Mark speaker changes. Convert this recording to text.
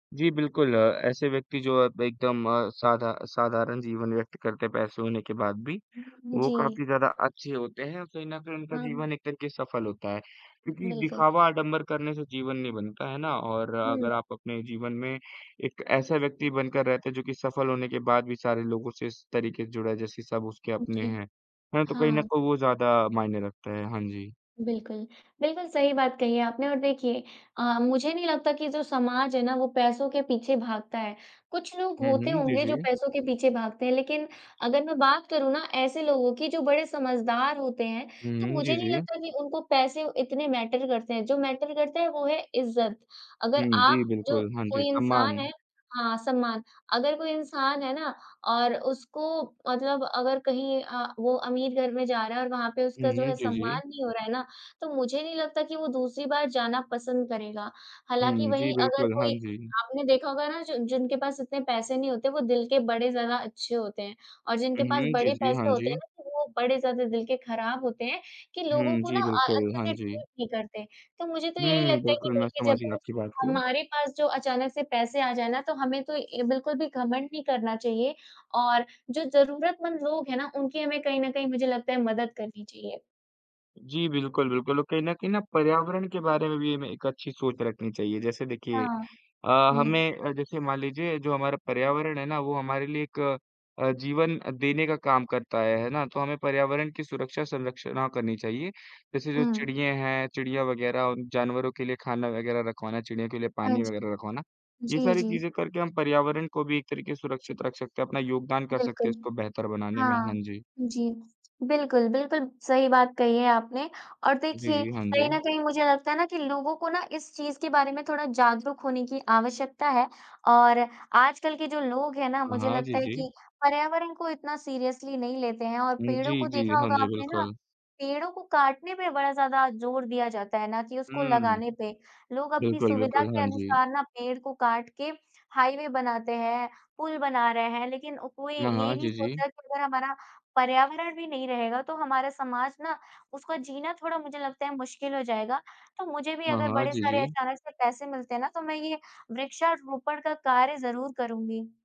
Speaker 1: जी बिल्कुल। अ, ऐसे व्यक्ति जो अब एकदम अ, साधा साधारण जीवन व्यक्त करके हैं, पैसे होने के बाद भी
Speaker 2: उम,
Speaker 1: वो
Speaker 2: जी।
Speaker 1: काफ़ी ज़्यादा अच्छे होते हैं। औ कहीं न कहीं उनका
Speaker 2: हुँ, हुँ।
Speaker 1: जीवन एक तरीक़े सफल होता है। क्योंकि
Speaker 2: बिल्कुल।
Speaker 1: दिखावा आडंबर करने से जीवन नहीं बनता, है ना। और अगर
Speaker 2: हुँ।
Speaker 1: आप अपने जीवन में एक ऐसा व्यक्ति बनकर रहते हैं जो कि सफल होने के बाद भी सारे लोगों से इस तरीक़े से जुड़ा जैसे सब उसके
Speaker 2: उ,
Speaker 1: अपने
Speaker 2: जी।
Speaker 1: हैं। हाँ, तो कहीं न
Speaker 2: हाँ।
Speaker 1: को वो ज़्यादा मायने रखता है। हाँ जी।
Speaker 2: बिल्कुल। बिल्कुल सही बात कही है आपने और देखिए, अ, मुझे नहीं लगता कि जो समाज है ना वह पैसों के पीछे भागता है। कुछ लोग
Speaker 1: हुँ,
Speaker 2: होते
Speaker 1: हुँ। जी,
Speaker 2: होंगे जो
Speaker 1: जी।
Speaker 2: पैसों के पीछे भागते हैं लेकिन अगर मैं बात करूँ ना ऐसे लोगों की जो बड़े समझदार होते हैं
Speaker 1: हुँ,
Speaker 2: तो
Speaker 1: हुँ।
Speaker 2: मुझे
Speaker 1: जी,
Speaker 2: नहीं
Speaker 1: जी।
Speaker 2: लगता कि उनको पैसे इतने मैटर करते हैं। जो मैटर करता है वो है इज़्ज़त। अगर
Speaker 1: हुँ, जी,
Speaker 2: आप जो
Speaker 1: बिल्कुल। हाँ जी,
Speaker 2: कोई इंसान
Speaker 1: सम्मान।
Speaker 2: है हाँ, सम्मान। अगर कोई इंसान है ना और उसको मतलब अगर कहीं अ, वो अमीर घर में जा रहा है और वहाँ पे
Speaker 1: हुँ,
Speaker 2: उसका जो
Speaker 1: हुँ।
Speaker 2: है
Speaker 1: जी, जी।
Speaker 2: सम्मान नहीं हो रहा है ना तो मुझे नहीं लगता कि वो दूसरी बार जाना पसंद करेगा। हालाँकि
Speaker 1: हुँ, जी,
Speaker 2: वहीं अगर
Speaker 1: बिल्कुल। हाँ
Speaker 2: कोई
Speaker 1: जी।
Speaker 2: आपने देखा होगा ना जो जिनके पास इतने पैसे नहीं होते वो दिल के बड़े ज़्यादा अच्छे होते हैं। और जिनके
Speaker 1: हुँ,
Speaker 2: पास
Speaker 1: हुँ। जी,
Speaker 2: बड़े
Speaker 1: जी। हाँ
Speaker 2: पैसे होते हैं
Speaker 1: जी।
Speaker 2: ना तो वो बड़े ज़्यादा दिल के ख़राब होते हैं कि लोगों
Speaker 1: हुँ,
Speaker 2: को ना
Speaker 1: जी,
Speaker 2: अ,
Speaker 1: बिल्कुल।
Speaker 2: अच्छे
Speaker 1: हाँ
Speaker 2: से
Speaker 1: जी।
Speaker 2: ट्रीट नहीं करते। तो मुझे तो यही
Speaker 1: हुँ,
Speaker 2: लगता है कि
Speaker 1: बिल्कुल मैं
Speaker 2: देखिए
Speaker 1: समझ
Speaker 2: जब
Speaker 1: गया
Speaker 2: भी
Speaker 1: आपकी बात को।
Speaker 2: हमारे पास जो अचानक से पैसे आ जाए ना तो हमें तो ए बिल्कुल भी घमंड नहीं करना चाहिए और जो ज़रूरतमंद लोग हैं ना उनकी हमें कहीं न कहीं मुझे लगता है मदद करनी चाहिए।
Speaker 1: जी बिल्कुल, बिल्कुल। और कहीं न कहीं ना पर्यावरण के बारे में भी हमें एक अच्छी सोच रखनी चाहिए। जैसे देखिए
Speaker 2: हाँ।
Speaker 1: अ,
Speaker 2: हुँ।
Speaker 1: हमें जैसे अ, मान लीजिए जो हमारा पर्यावरण है ना वो हमारे लिए एक अ, जीवन देने का काम करता है, है ना। तो हमें पर्यावरण की सुरक्षा संरक्षणा करनी चाहिए। जैसे जो
Speaker 2: हुँ।
Speaker 1: चिड़िये हैं, चिड़िया वग़ैरह और जानवरों के लिए खाना वग़ैरह रखवाना, चिड़ियों के लिए
Speaker 2: हाँ
Speaker 1: पानी
Speaker 2: जी।
Speaker 1: वग़ैरह रखवाना। ये
Speaker 2: जी,
Speaker 1: सारी
Speaker 2: जी।
Speaker 1: चीज़ें करके हम पर्यावरण को भी एक तरीक़े से सुरक्षित रख सकते हैं। अपना योगदान कर सकते हैं
Speaker 2: बिल्कुल।
Speaker 1: इसको बेहतर बनाने में।
Speaker 2: हाँ
Speaker 1: हाँ जी।
Speaker 2: जी, बिल्कुल, बिल्कुल सही बात कही है आपने। और
Speaker 1: जी,
Speaker 2: देखिए
Speaker 1: जी। हाँ
Speaker 2: कहीं न
Speaker 1: जी।
Speaker 2: कहीं मुझे लगता है ना कि लोगों को ना इस चीज़ के बारे में थोड़ा जागरूक होने की आवश्यकता है। और आजकल के जो लोग हैं ना
Speaker 1: हाँ,
Speaker 2: मुझे
Speaker 1: हाँ,
Speaker 2: लगता
Speaker 1: जी,
Speaker 2: है
Speaker 1: जी।
Speaker 2: कि पर्यावरण को इतना सीरियसली नहीं लेते हैं और
Speaker 1: हुँ,
Speaker 2: पेड़ों को
Speaker 1: जी, जी।
Speaker 2: देखा
Speaker 1: हाँ
Speaker 2: होगा
Speaker 1: जी,
Speaker 2: आपने ना,
Speaker 1: बिल्कुल।
Speaker 2: पेड़ों को काटने पे बड़ा ज़्यादा जोर दिया जाता है ना कि उसको
Speaker 1: हुँ।
Speaker 2: लगाने पे। लोग अपनी
Speaker 1: बिल्कुल,
Speaker 2: सुविधा
Speaker 1: बिल्कुल।
Speaker 2: के
Speaker 1: हाँ जी।
Speaker 2: अनुसार ना पेड़ को काट के हाईवे बनाते हैं, पूल बना रहे हैं लेकिन कोई
Speaker 1: हाँ,
Speaker 2: ये
Speaker 1: हाँ।
Speaker 2: नहीं
Speaker 1: जी,
Speaker 2: सोच
Speaker 1: जी।
Speaker 2: रहा कि अगर हमारा पर्यावरण भी नहीं रहेगा तो हमारा समाज ना उसका जीना थोड़ा मुझे लगता है मुश्किल हो जाएगा। तो मुझे भी
Speaker 1: हाँ,
Speaker 2: अगर
Speaker 1: हाँ।
Speaker 2: बड़े
Speaker 1: जी,
Speaker 2: सारे
Speaker 1: जी।
Speaker 2: अचानक से पैसे मिलते ना तो मैं ये वृक्षारोपण का कार्य ज़रूर करूँगी।